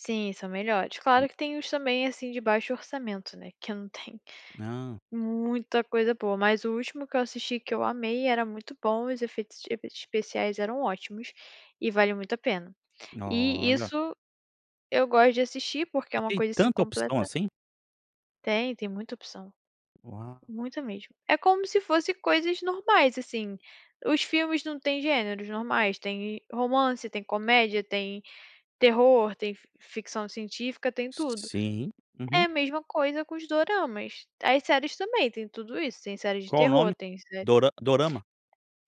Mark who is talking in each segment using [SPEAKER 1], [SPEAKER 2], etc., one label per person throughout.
[SPEAKER 1] Sim, são melhores
[SPEAKER 2] Uhum.
[SPEAKER 1] claro que tem uns, também, assim, de baixo orçamento, né, que eu não tenho
[SPEAKER 2] Não.
[SPEAKER 1] muita coisa boa, mas o último que eu assisti, que eu amei, era muito bom, os efeitos efeitos especiais eram ótimos, e vale muito a pena. E,
[SPEAKER 2] Olha.
[SPEAKER 1] isso, eu gosto de assistir porque é
[SPEAKER 2] E
[SPEAKER 1] uma
[SPEAKER 2] tem
[SPEAKER 1] coisa assim
[SPEAKER 2] tanta opção
[SPEAKER 1] completa
[SPEAKER 2] assim?
[SPEAKER 1] Tem, tem muita opção.
[SPEAKER 2] Uau.
[SPEAKER 1] Muita mesmo. É como se fosse coisas normais, assim, os filmes não têm gêneros normais? Tem romance, tem comédia, tem terror, tem fi ficção científica, tem tudo.
[SPEAKER 2] Sim.
[SPEAKER 1] É
[SPEAKER 2] Uhum.
[SPEAKER 1] a mesma coisa com os doramas. As séries também, tem tudo isso, tem séries de
[SPEAKER 2] Qual o
[SPEAKER 1] terror,
[SPEAKER 2] nome?
[SPEAKER 1] tem sé
[SPEAKER 2] "Dora Dorama"?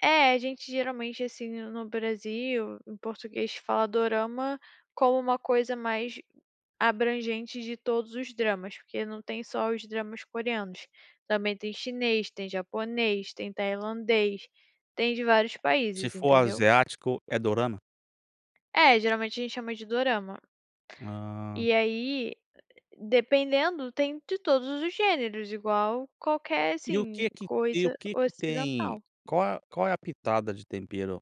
[SPEAKER 1] É, a gente, geralmente, assim, no no Brasil, em português, fala "dorama" como uma coisa mais abrangente de todos os dramas, porque não tem só os dramas coreanos, também tem chinês, tem japonês, tem tailandês, tem de vários
[SPEAKER 2] Se
[SPEAKER 1] países,
[SPEAKER 2] for
[SPEAKER 1] entendeu.
[SPEAKER 2] asiático, é dorama?
[SPEAKER 1] É, geralmente a gente chama de "dorama".
[SPEAKER 2] Ah.
[SPEAKER 1] E aí, dependendo, tem de todos os gêneros, igual qualquer,
[SPEAKER 2] E o
[SPEAKER 1] assim,
[SPEAKER 2] quê que te e o
[SPEAKER 1] coisa
[SPEAKER 2] quê que tem
[SPEAKER 1] ocidental.
[SPEAKER 2] qual a qual é a "pitada de tempero",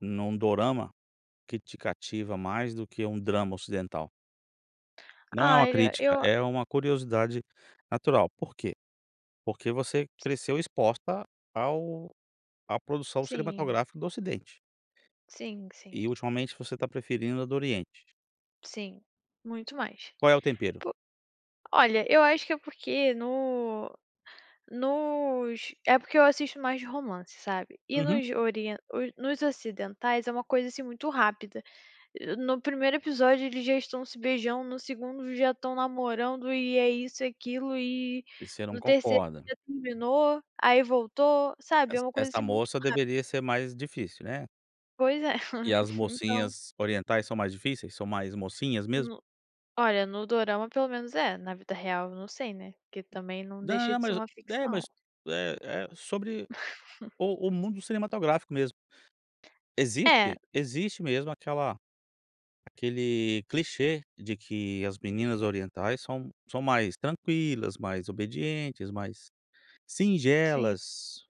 [SPEAKER 2] num dorama, que te cativa mais do que um drama ocidental? Não é uma
[SPEAKER 1] Olha,
[SPEAKER 2] crítica,
[SPEAKER 1] eu
[SPEAKER 2] é uma curiosidade natural, por quê? Porque você cresceu exposta ao à produção
[SPEAKER 1] Sim.
[SPEAKER 2] cinematográfica do ocidente.
[SPEAKER 1] Sim, sim.
[SPEAKER 2] E ultimamente se você está preferindo a do oriente.
[SPEAKER 1] Sim, muito mais.
[SPEAKER 2] Qual é o tempero?
[SPEAKER 1] Pu olha, eu acho que é porque no nos é porque eu assisto mais de romance, sabe. E
[SPEAKER 2] Uhum.
[SPEAKER 1] nos orien nos ocidentais, é uma coisa assim muito rápida. Eh, no 1º episódio eles já estão se beijando, no 2º já estão namorando e é isso e aquilo e,
[SPEAKER 2] E você não
[SPEAKER 1] no 3º
[SPEAKER 2] concorda.
[SPEAKER 1] já terminou, aí voltou, sabe. É
[SPEAKER 2] Essa
[SPEAKER 1] uma coisa,
[SPEAKER 2] essa
[SPEAKER 1] assim, muito
[SPEAKER 2] moça
[SPEAKER 1] rápida.
[SPEAKER 2] deveria ser mais difícil, né.
[SPEAKER 1] Pois é,
[SPEAKER 2] E as
[SPEAKER 1] então
[SPEAKER 2] mocinhas orientais são mais difíceis, são mais "mocinhas" mesmo?
[SPEAKER 1] No olha, no dorama pelo menos é, na vida real eu não sei, né, porque também não
[SPEAKER 2] Não
[SPEAKER 1] deixa
[SPEAKER 2] não,
[SPEAKER 1] de ser
[SPEAKER 2] mas
[SPEAKER 1] uma
[SPEAKER 2] é,
[SPEAKER 1] ficção.
[SPEAKER 2] mas, eh eh, sobre o o mundo cinematográfico, mesmo.
[SPEAKER 1] É.
[SPEAKER 2] Existe. Existe mesmo aquela aquele clichê de que as meninas orientais são são mais tranquilas, mais obedientes, mais
[SPEAKER 1] Sim.
[SPEAKER 2] singelas.